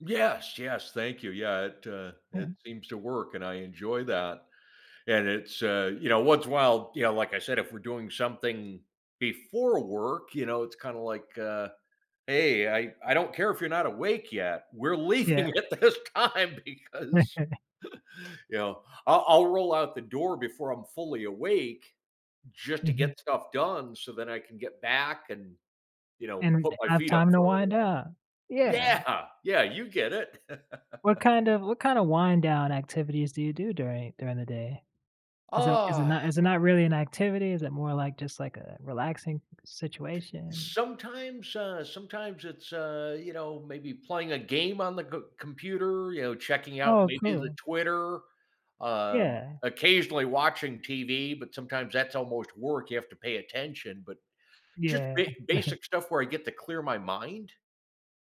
Yes, yes, thank you. Yeah, it, uh, it Yeah. seems to work and I enjoy that, and it's, uh, you know, once in a while, you know, like I said, if we're doing something before work, you know, it's, kinda, like, uh, "Hey, I I don't care if you're not awake yet, we're Yeah. leaving at this time because" you know, I'll I'll roll out the door before I'm fully awake, just, to Mhm. get stuff done so that I can get back and, you know, And put my have feet up time to for a little wind while. down, yeah. Yeah! Yeah, you get it. What, kind of what, kind of, wind down activities do you do during during the day? Is it is it not Ah! is it not really an activity? Is it more like, just, like a relaxing situation? Sometimes, uh, sometimes it's, uh, you know, maybe playing a game on the c computer, you know, checking out Oh, maybe the cool. Twitter, um, Yeah. occasionally watching TV, but sometimes that's almost work, you have to pay attention, but, just, Yeah. ba basic stuff where I get to clear my mind.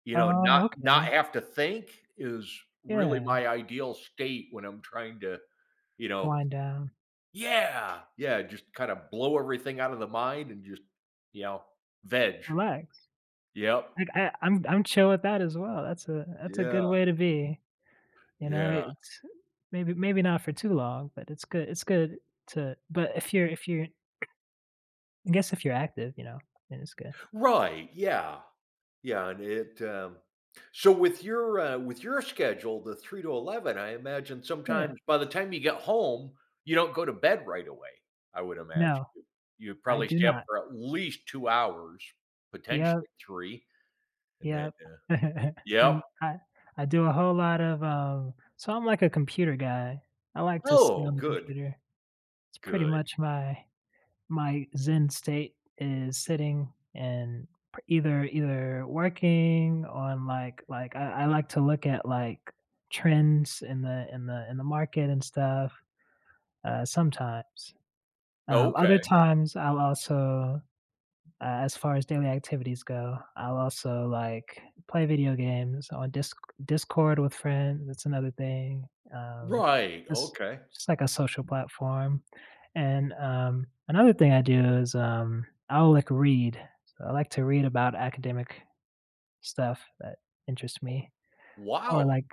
You know, not Oh, not okay. have to think is really Yeah. my ideal state when I'm trying to, you know Wind down. Yeah. Yeah, just, kinda, blow everything out of the mind, and, just, you know, veg. Relax. Yep. Like I I'm I'm chill with that as well. That's a that's a good Yeah. way to be. You know, Yeah. it's maybe maybe not for too long, but it's good it's good to but if you're if you're I guess if you're active, you know, then it's good. Right, yeah. Yeah, and it, um, so with your, uh, with your schedule, the 3 to 11, I imagine Yeah. sometimes by the time you get home, you don't go to bed right away. I would imagine. No. You I probably do stay up not. for at least 2 hours, Yup. potentially 3, and then, Yup, uh, and yup. I I do a whole lot of, um so I'm, like, a computer guy. I like to sit on Oh, the good. computer. It's pretty Good. much my my Zen state is sitting, and p either either working on, like like, uh, I like to look at, like, trends in the in the in the market and stuff, uh, sometimes. Um, Okay. other times I'll also, uh, as far as daily activities go, I'll also, like, play video games on Disc Discord with friends, that's another thing, um, Right, just okay. just, like a social platform, and, um, another thing I do is, um, I'll, like, read. So, I like to read about academic stuff that interests me or, Wow! like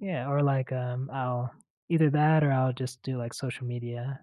yeah, or, like, um, I'll either that or I'll, just, do, like, social media.